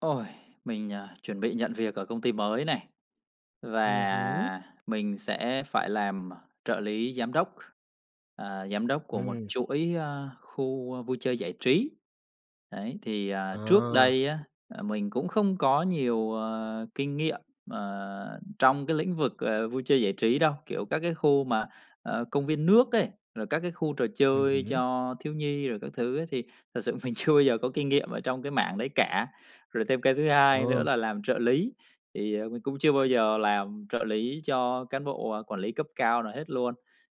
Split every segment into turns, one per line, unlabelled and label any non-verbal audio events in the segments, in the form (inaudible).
Ôi, mình, à, chuẩn bị nhận việc ở công ty mới này.
Ừm hứm.
Và mình sẽ phải làm, ờ, trợ lý giám đốc, ờ, giám đốc của một
Ừm.
chuỗi, ơ, khu, ơ, vui chơi giải trí. Đấy, thì, ờ, trước
Ờ.
đây á, ờ, mình cũng không có nhiều, à, kinh nghiệm, ờ, trong cái lĩnh vực, ờ, vui chơi giải trí đâu, kiểu, các cái khu mà, à, công viên nước ấy, rồi các cái khu trò
Ừm
chơi
hứm.
cho thiếu nhi rồi các thứ ấy thì thật sự mình chưa bao giờ có kinh nghiệm ở trong cái mảng đấy cả. Rồi thêm cái thứ hai nữa
Ừ.
là làm trợ lý, thì mình cũng chưa bao giờ làm trợ lý cho cán bộ, à, quản lý cấp cao nào hết luôn.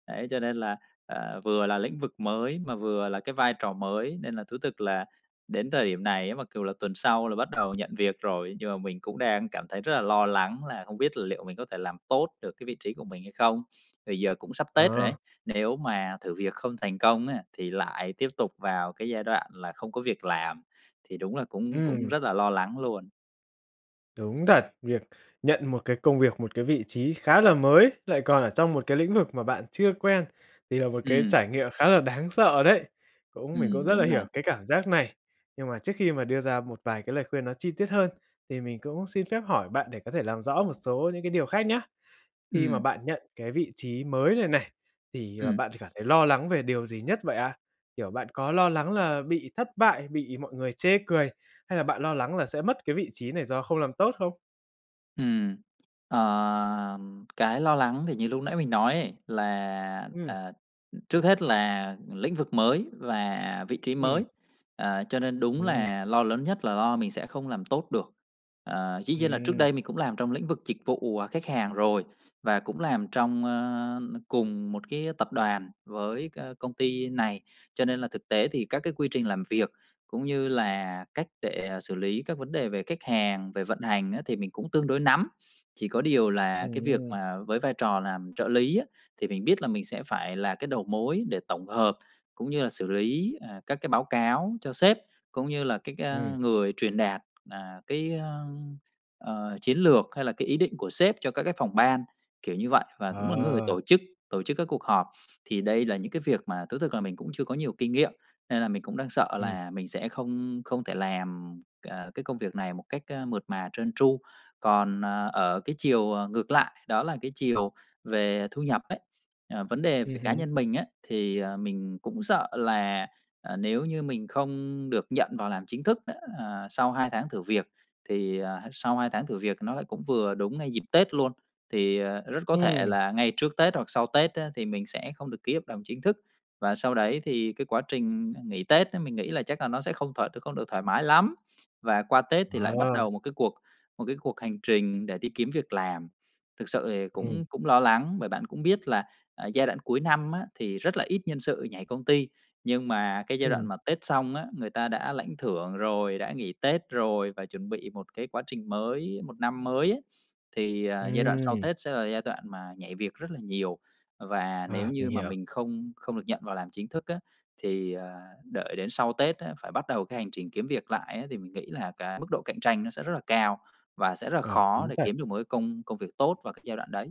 Đấy, cho nên là, à, vừa là lĩnh vực mới mà vừa là cái vai trò mới, nên là thú thực là đến thời điểm này á mặc cù là tuần sau là bắt đầu nhận việc rồi, nhưng mà mình cũng đang cảm thấy rất là lo lắng là không biết liệu mình có thể làm tốt được cái vị trí của mình hay không. Thì giờ cũng sắp tết rồi ấy,
À.
nếu mà thử việc không thành công á thì lại tiếp tục vào cái giai đoạn là không có việc làm, thì đúng là cũng cũng
Ừm.
rất là lo lắng luôn.
Đúng thật, việc nhận một cái công việc, một cái vị trí khá là mới lại còn ở trong một cái lĩnh vực mà bạn chưa quen thì là một cái
Ừm.
trải nghiệm khá là đáng sợ đấy. Cũng mình cũng
Ừm,
rất
đúng
là
rồi.
hiểu cái cảm giác này. Nhưng mà trước khi mà đưa ra một vài cái lời khuyên nó chi tiết hơn thì mình cũng xin phép hỏi bạn để có thể làm rõ một số những cái điều khác nhá. Khi mà
Ừm.
bạn nhận cái vị trí mới này này thì, ờ,
Ừm.
bạn chỉ cảm thấy lo lắng về điều gì nhất vậy ạ? Kiểu, bạn có lo lắng là bị thất bại, bị mọi người chê cười hay là bạn lo lắng là sẽ mất cái vị trí này do không làm tốt không?
Ừm, ờ, cái lo lắng thì như lúc nãy mình nói ấy là,
Ừm.
ờ, trước hết là lĩnh vực mới và vị trí
Ừm.
mới, ờ, cho nên đúng
Ừm.
là lo lớn nhất là lo mình sẽ không làm tốt được. Ờ, dĩ nhiên là trước
Ừm.
đây mình cũng làm trong lĩnh vực dịch vụ, à, khách hàng rồi và cũng làm trong, ơ, cùng một cái tập đoàn với c công ty này, cho nên là thực tế thì các cái quy trình làm việc cũng như là cách để xử lý các vấn đề về khách hàng, về vận hành á thì mình cũng tương đối nắm. Chỉ có điều là
Ừm
cái việc
hưm.
mà với vai trò làm trợ lý á thì mình biết là mình sẽ phải là cái đầu mối để tổng hợp cũng như là xử lý, ờ, các cái báo cáo cho sếp cũng như là cái, a,
Ừm.
người truyền đạt, à, cái, a, ờ, chiến lược hay là cái ý định của sếp cho các cái phòng ban, kiểu như vậy, và cũng là cái người
Ờ!
tổ chức, tổ chức các cuộc họp. Thì đây là những cái việc mà thú thực là mình cũng chưa có nhiều kinh nghiệm nên là mình cũng đang sợ
Ừm.
là mình sẽ không không thể làm, à, cái công việc này một cách, a, mượt mà, trơn tru. Còn, ờ, ở cái chiều, à, ngược lại, đó là cái chiều về thu nhập ấy, à, vấn đề về
Ừm
cái cá
hứm.
nhân mình á, thì, à, mình cũng sợ là, à, nếu như mình không được nhận vào làm chính thức á, à, sau 2 tháng thử việc thì, à, sau 2 tháng thử việc nó lại cũng vừa đúng ngay dịp Tết luôn, thì, à, rất có thể
Ừm.
là ngay trước Tết hoặc sau Tết á thì mình sẽ không được ký hợp đồng chính thức. Và sau đấy thì cái quá trình, à, nghỉ Tết á, mình nghĩ là chắc là nó sẽ không thoải không được thoải mái lắm, và qua Tết thì lại bắt
Ờ!
đầu một cái cuộc một cái cuộc hành trình để đi kiếm việc làm. Thực sự thì
Ừm.
cũng cũng lo lắng, bởi bạn cũng biết là, à, giai đoạn cuối năm á thì rất là ít nhân sự nhảy công ty, nhưng mà cái giai đoạn
Ừm.
mà Tết xong á, người ta đã lãnh thưởng rồi, đã nghỉ Tết rồi và chuẩn bị một cái quá trình mới, một năm mới á, thì, à, giai đoạn sau
Ừm.
Tết sẽ là giai đoạn mà nhảy việc rất là nhiều. Và nếu
À, mình
như mà
hiểu.
mình không không được nhận vào làm chính thức á thì, ờ, đợi đến sau Tết á phải bắt đầu cái hành trình kiếm việc lại á thì mình nghĩ là cái mức độ cạnh tranh nó sẽ rất là cao và sẽ rất là
Ờ,
khó
đúng
để
thật.
kiếm được một cái công công việc tốt vào cái giai đoạn đấy.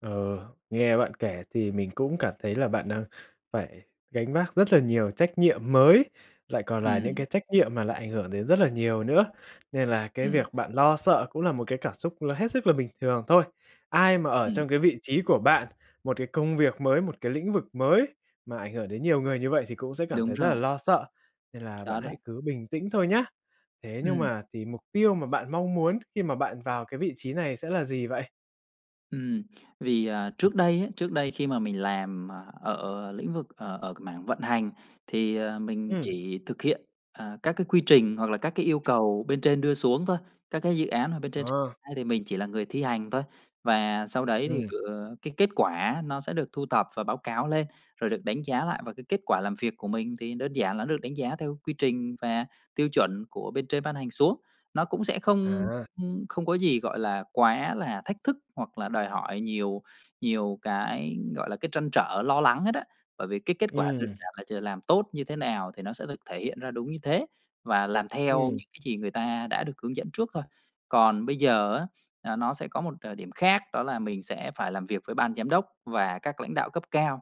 Ờ, nghe bạn kể thì mình cũng cảm thấy là bạn đang phải gánh vác rất là nhiều trách nhiệm mới, lại còn là những
Ừm.
cái trách nhiệm mà lại ảnh hưởng đến rất là nhiều nữa. Nên là cái
Ừm.
việc bạn lo sợ cũng là một cái cảm xúc là hết sức là bình thường thôi. Ai mà ở
Ừm.
trong cái vị trí của bạn, một cái công việc mới, một cái lĩnh vực mới mà ảnh hưởng đến nhiều người như vậy thì cũng sẽ cảm
Đúng
thấy rất là
rồi.
lo sợ, nên là bạn
Có
hãy
đó.
cứ bình tĩnh thôi nhá. Thế nhưng
Ừm.
mà thì mục tiêu mà bạn mong muốn khi mà bạn vào cái vị trí này sẽ là gì vậy?
Ừm, vì, à, trước đây á, trước đây khi mà mình làm, à, ở lĩnh vực, ờ, ở mảng vận hành thì, ờ, mình
Ừm.
chỉ thực hiện, à, các cái quy trình hoặc là các cái yêu cầu bên trên đưa xuống thôi. Các cái dự án mà bên trên triển
Ờ.
khai thì mình chỉ là người thi hành thôi. Và sau đấy thì
Ừm.
gửi cái kết quả á, nó sẽ được thu thập và báo cáo lên rồi được đánh giá lại. Và cái kết quả làm việc của mình thì đơn giản là nó được đánh giá theo quy trình và tiêu chuẩn của bên trên ban hành xuống. Nó cũng sẽ không,
À.
ưm, không có gì gọi là quá là thách thức hoặc là đòi hỏi nhiều nhiều cái, gọi là, cái trăn trở, lo lắng hết á. Bởi vì cái kết quả đơn
Ừm.
giản là giờ làm tốt như thế nào thì nó sẽ được thể hiện ra đúng như thế và làm theo
Ừm.
những cái gì người ta đã được hướng dẫn trước thôi. Còn bây giờ á, à, nó sẽ có một, ờ, điểm khác đó là mình sẽ phải làm việc với ban giám đốc và các lãnh đạo cấp cao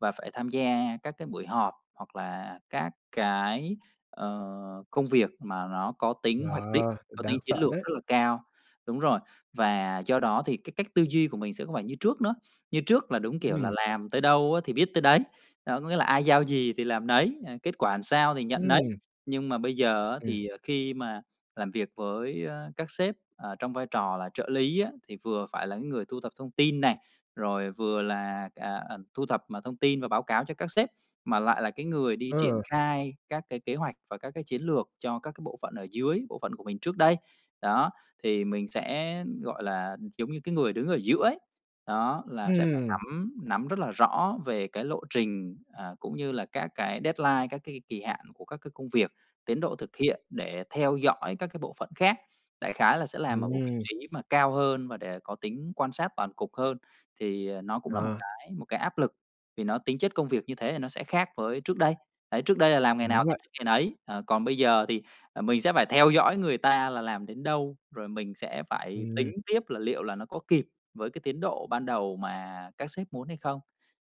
và phải tham gia các cái buổi họp hoặc là các cái, ờ, công việc mà nó có
Ờ,
tính hoạch định,
cũng
có tính
đáng
chiến
sợ
lược
đấy.
rất là cao đúng rồi, và do đó thì cái cách tư duy của mình sẽ không phải như trước nữa. Như trước là đúng kiểu là
Ừm.
làm tới đâu á thì biết tới đấy, đó có nghĩa là ai giao gì thì làm nấy, à, kết quả làm sao thì nhận nấy.
Ừm.
Nhưng mà bây giờ á
Ừm.
thì, à, khi mà làm việc với, a, các sếp, à, trong vai trò là trợ lý á, thì vừa phải là cái người thu thập thông tin này, rồi vừa là, à, à, thu thập mọi thông tin và báo cáo cho các sếp, mà lại là cái người đi triển
Ờ.
khai các cái kế hoạch và các cái chiến lược cho các cái bộ phận ở dưới, bộ phận của mình trước đây. Đó, thì mình sẽ gọi là giống như cái người đứng ở giữa ấy. Đó, là sẽ phải
Ừm.
nắm nắm rất là rõ về cái lộ trình, à, cũng như là các cái deadline, các cái kỳ hạn của các cái công việc, tiến độ thực hiện để theo dõi các cái bộ phận khác. Đại khái là sẽ làm ở một vị
Ừm.
trí mà cao hơn và để có tính quan sát toàn cục hơn, thì, à, nó cũng là một
Ờ.
cái một cái áp lực, vì nó tính chất công việc như thế thì nó sẽ khác với trước đây. Đấy, trước đây là làm ngày nào
Đúng
thì
vậy.
biết ngày nấy, ờ, còn bây giờ thì, à, mình sẽ phải theo dõi người ta là làm đến đâu, rồi mình sẽ phải tính
Ừm.
tiếp là liệu là nó có kịp với cái tiến độ ban đầu mà các sếp muốn hay không.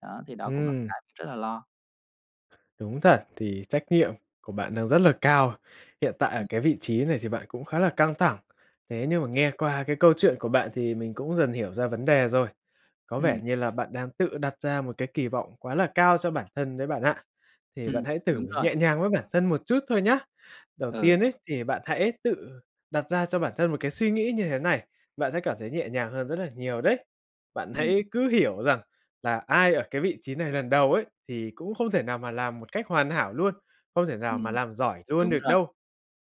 Đó, thì đó cũng là một
Ừm.
cái mình rất là lo.
Đúng thật thì trách nhiệm của bạn đang rất là cao, hiện tại ở cái vị trí này thì bạn cũng khá là căng thẳng, thế nhưng mà nghe qua cái câu chuyện của bạn thì mình cũng dần hiểu ra vấn đề rồi, có vẻ
Ừm.
như là bạn đang tự đặt ra một cái kỳ vọng quá là cao cho bản thân đấy bạn ạ, thì
Ừm,
bạn hãy thử
đúng rồi.
nhẹ nhàng với bản thân một chút thôi nhá. Đầu
Ừ.
tiên ấy, thì bạn hãy tự đặt ra cho bản thân một cái suy nghĩ như thế này, bạn sẽ cảm thấy nhẹ nhàng hơn rất là nhiều đấy, bạn
Ừm.
hãy cứ hiểu rằng là ai ở cái vị trí này lần đầu ấy, thì cũng không thể nào mà làm một cách hoàn hảo luôn, không thể nào mà
Ừm,
làm giỏi luôn
đúng
được
rồi.
đâu,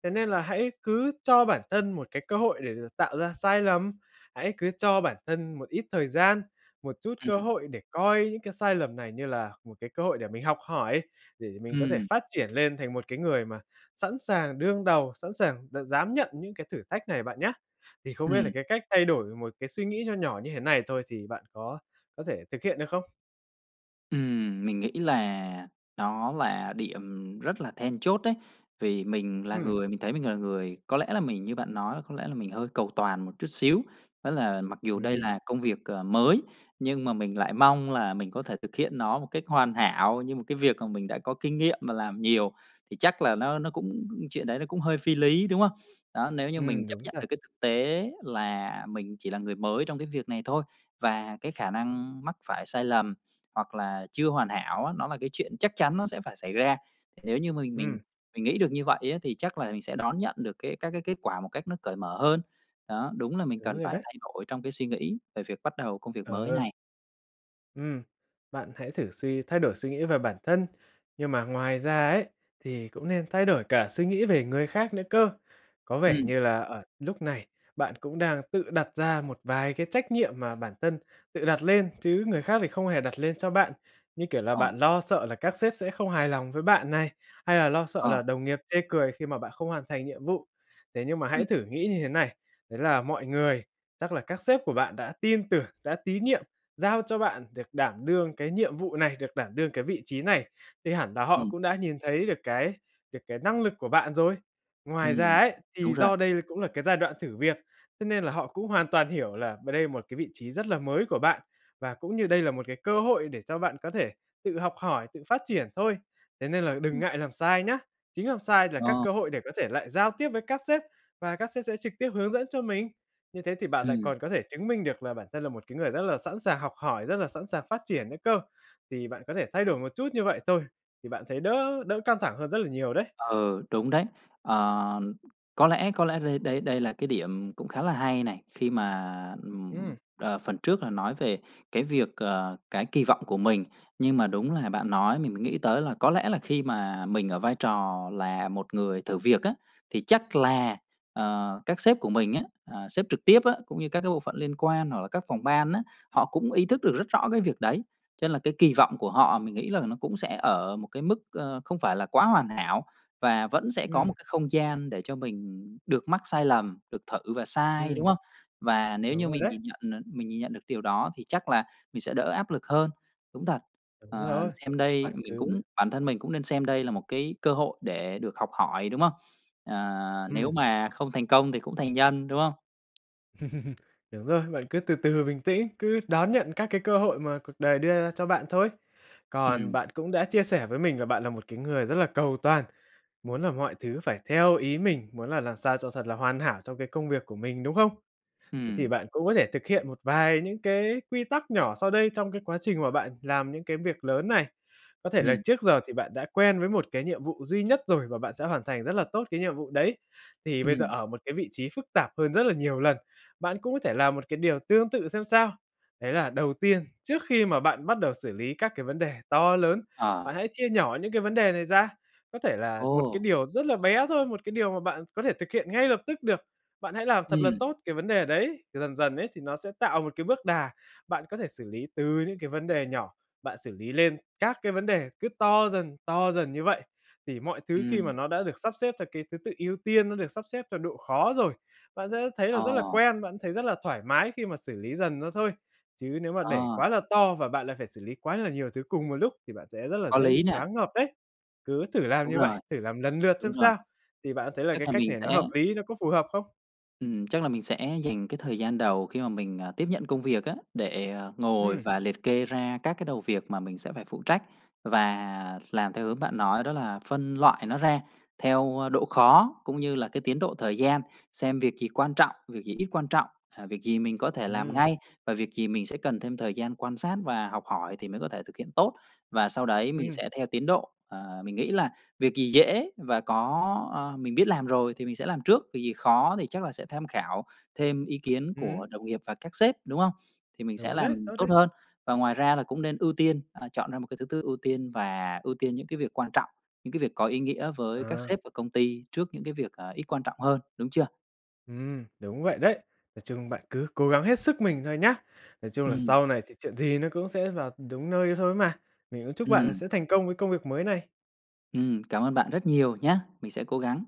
thế nên là hãy cứ cho bản thân một cái cơ hội để được tạo ra sai lầm, hãy cứ cho bản thân một ít thời gian, một chút cơ
Ừm.
hội để coi những cái sai lầm này như là một cái cơ hội để mình học hỏi, để mình có thể
Ừm.
phát triển lên thành một cái người mà sẵn sàng đương đầu, sẵn sàng d dám nhận những cái thử thách này bạn nhá. Thì không biết là
Ừm.
cái cách thay đổi một cái suy nghĩ nho nhỏ như thế này thôi thì bạn có có thể thực hiện được không?
Ừm, mình nghĩ là nó là điểm rất là then chốt đấy. Vì mình là
Ừm.
người mình thấy mình là người có lẽ là mình như bạn nói là có lẽ là mình hơi cầu toàn một chút xíu, đó là mặc dù đây
Ừm.
là công việc, ờ, mới, nhưng mà mình lại mong là mình có thể thực hiện nó một cách hoàn hảo như một cái việc mà mình đã có kinh nghiệm mà làm nhiều, thì chắc là nó nó cũng chuyện đấy nó cũng hơi phi lý, đúng hông? Đó, nếu như mình
Ừm,
chấp
đúng
nhận được
thật.
cái thực tế là mình chỉ là người mới trong cái việc này thôi, và cái khả năng mắc phải sai lầm, hoặc là chưa hoàn hảo á, nó là cái chuyện chắc chắn nó sẽ phải xảy ra, nếu như mình mình
Ừm.
mình nghĩ được như vậy á, thì chắc là mình sẽ đón nhận được cái các cái kết quả một cách nó cởi mở hơn. Đó, đúng là mình
Đúng
cần
rồi
phải
đấy.
thay đổi trong cái suy nghĩ về việc bắt đầu công việc mới
Ờ.
này.
Ừm, bạn hãy thử suy thay đổi suy nghĩ về bản thân, nhưng mà ngoài ra ấy, thì cũng nên thay đổi cả suy nghĩ về người khác nữa cơ. Có vẻ
Ừm.
như là ở lúc này bạn cũng đang tự đặt ra một vài cái trách nhiệm mà bản thân tự đặt lên, chứ người khác thì không hề đặt lên cho bạn, như kiểu là,
Ờ.
bạn lo sợ là các sếp sẽ không hài lòng với bạn này, hay là lo sợ
Ờ.
là đồng nghiệp chê cười khi mà bạn không hoàn thành nhiệm vụ, thế nhưng mà hãy
Ừm.
thử nghĩ như thế này, đấy là mọi người, chắc là các sếp của bạn đã tin tưởng, đã tín nhiệm, giao cho bạn được đảm đương cái nhiệm vụ này, được đảm đương cái vị trí này thì hẳn là họ
Ừm.
cũng đã nhìn thấy được cái được cái năng lực của bạn rồi. Ngoài ra
Ừm,
ấy,
đúng
thì
rồi.
do đây cũng là cái giai đoạn thử việc, thế nên là họ cũng hoàn toàn hiểu là b đây một cái vị trí rất là mới của bạn và cũng như đây là một cái cơ hội để cho bạn có thể tự học hỏi, tự phát triển thôi, thế nên là đừng ngại làm sai nhá, chính làm sai là các
Ờ.
cơ hội để có thể lại giao tiếp với các sếp và các sếp sẽ trực tiếp hướng dẫn cho mình, như thế thì bạn lại
Ừm.
còn có thể chứng minh được là bản thân là một cái người rất là sẵn sàng học hỏi, rất là sẵn sàng phát triển nữa cơ. Thì bạn có thể thay đổi một chút như vậy thôi, thì bạn thấy đỡ đỡ căng thẳng hơn rất là nhiều đấy.
Ừ, đúng đấy. Ờ, có lẽ có lẽ đây đây đây là cái điểm cũng khá là hay này, khi mà, ừm,
Ừm.
ờ, phần trước là nói về cái việc, ờ, cái kỳ vọng của mình, nhưng mà đúng là bạn nói mình mới nghĩ tới là có lẽ là khi mà mình ở vai trò là một người thử việc á, thì chắc là, ờ, các sếp của mình á, à, sếp trực tiếp á, cũng như các cái bộ phận liên quan hoặc là các phòng ban á, họ cũng ý thức được rất rõ cái việc đấy, cho nên là cái kỳ vọng của họ mình nghĩ là nó cũng sẽ ở một cái mức, ơ, không phải là quá hoàn hảo và vẫn sẽ có
Ừm.
một cái không gian để cho mình được mắc sai lầm, được thử và sai, đúng
Ừm.
hông? Và nếu
Đúng
như
rồi
mình
đấy.
nhìn nhận, à, mình nhìn nhận được cái điều đó thì chắc là mình sẽ đỡ áp lực hơn. Đúng thật,
Đúng
ờ,
rồi,
xem đây
bạn
mình cũng
cứ
bản thân mình cũng nên xem đây là một cái cơ hội để được học hỏi, đúng hông? Ờ, nếu
Ừm.
mà không thành công thì cũng thành nhân, đúng hông?
(laughs) Đúng rồi, bạn cứ từ từ bình tĩnh, cứ đón nhận các cái cơ hội mà cuộc đời đưa ra cho bạn thôi. Còn
Ừm.
bạn cũng đã chia sẻ với mình là bạn là một cái người rất là cầu toàn, muốn là mọi thứ phải theo ý mình, muốn là làm sao cho thật là hoàn hảo trong cái công việc của mình, đúng không? Thế thì
Ừm.
bạn cũng có thể thực hiện một vài những cái quy tắc nhỏ sau đây trong cái quá trình mà bạn làm những cái việc lớn này. Có thể là
Ừm.
trước giờ thì bạn đã quen với một cái nhiệm vụ duy nhất rồi và bạn sẽ hoàn thành rất là tốt cái nhiệm vụ đấy. Thì bây giờ
Ừm.
ở một cái vị trí phức tạp hơn rất là nhiều lần, bạn cũng có thể làm một cái điều tương tự xem sao. Đấy là đầu tiên, trước khi mà bạn bắt đầu xử lý các cái vấn đề to lớn, bạn
À.
hãy chia nhỏ những cái vấn đề này ra, có thể là một cái
Ồ.
điều rất là bé thôi, một cái điều mà bạn có thể thực hiện ngay lập tức được, bạn hãy làm thật là
Ừm.
tốt cái vấn đề đấy. Dần dần ấy thì nó sẽ tạo một cái bước đà, bạn có thể xử lý từ những cái vấn đề nhỏ, bạn xử lý lên các cái vấn đề cứ to dần, to dần như vậy thì mọi thứ khi mà
Ừm.
nó đã được sắp xếp theo cái thứ tự ưu tiên, nó được sắp xếp theo độ khó rồi, bạn sẽ thấy là rất là
Ờ.
quen, bạn thấy rất là thoải mái khi mà xử lý dần nó thôi. Chứ nếu mà để quá
À.
là to và bạn lại phải xử lý quá là nhiều thứ cùng một lúc thì bạn sẽ rất là
Có
dễ
lý
bị
nè.
choáng ngợp đấy. Cứ thử làm
Đúng
như vậy,
rồi.
thử làm lần lượt
Đúng
xem
rồi.
sao. Thì bạn thấy là
Tức
cái
là
cách
mình
này nó
sẽ
hợp lý, nó có phù hợp không?
Ừm, chắc là mình sẽ dành cái thời gian đầu khi mà mình, ờ, tiếp nhận công việc á, để, à, ngồi
Ừm.
và liệt kê ra các cái đầu việc mà mình sẽ phải phụ trách và làm theo hướng bạn nói đó là phân loại nó ra theo, ơ, độ khó cũng như là cái tiến độ thời gian, xem việc gì quan trọng, việc gì ít quan trọng, à, việc gì mình có thể làm
Ừm.
ngay và việc gì mình sẽ cần thêm thời gian quan sát và học hỏi thì mới có thể thực hiện tốt và sau đấy mình
Ừm.
sẽ theo tiến độ, ờ, mình nghĩ là việc gì dễ và có ờ, mình biết làm rồi thì mình sẽ làm trước, việc gì khó thì chắc là sẽ tham khảo thêm ý kiến của
Ừm.
đồng nghiệp và các sếp, đúng không? Thì mình sẽ
Đúng đấy,
làm
tốt đấy.
tốt hơn và ngoài ra là cũng nên ưu tiên, à, chọn ra một cái thứ tự ưu tiên và ưu tiên những cái việc quan trọng, những cái việc có ý nghĩa với các
À.
sếp và công ty trước những cái việc, à, ít quan trọng hơn, đúng chưa?
Ừm, đúng vậy đấy. Nói chung bạn cứ cố gắng hết sức mình thôi nhá. Nói chung là
Ừm.
sau này thì chuyện gì nó cũng sẽ vào đúng nơi thôi ấy mà. Mình cũng chúc bạn
Ừm.
sẽ thành công với công việc mới này.
Ừm, cảm ơn bạn rất nhiều nhá! Mình sẽ cố gắng.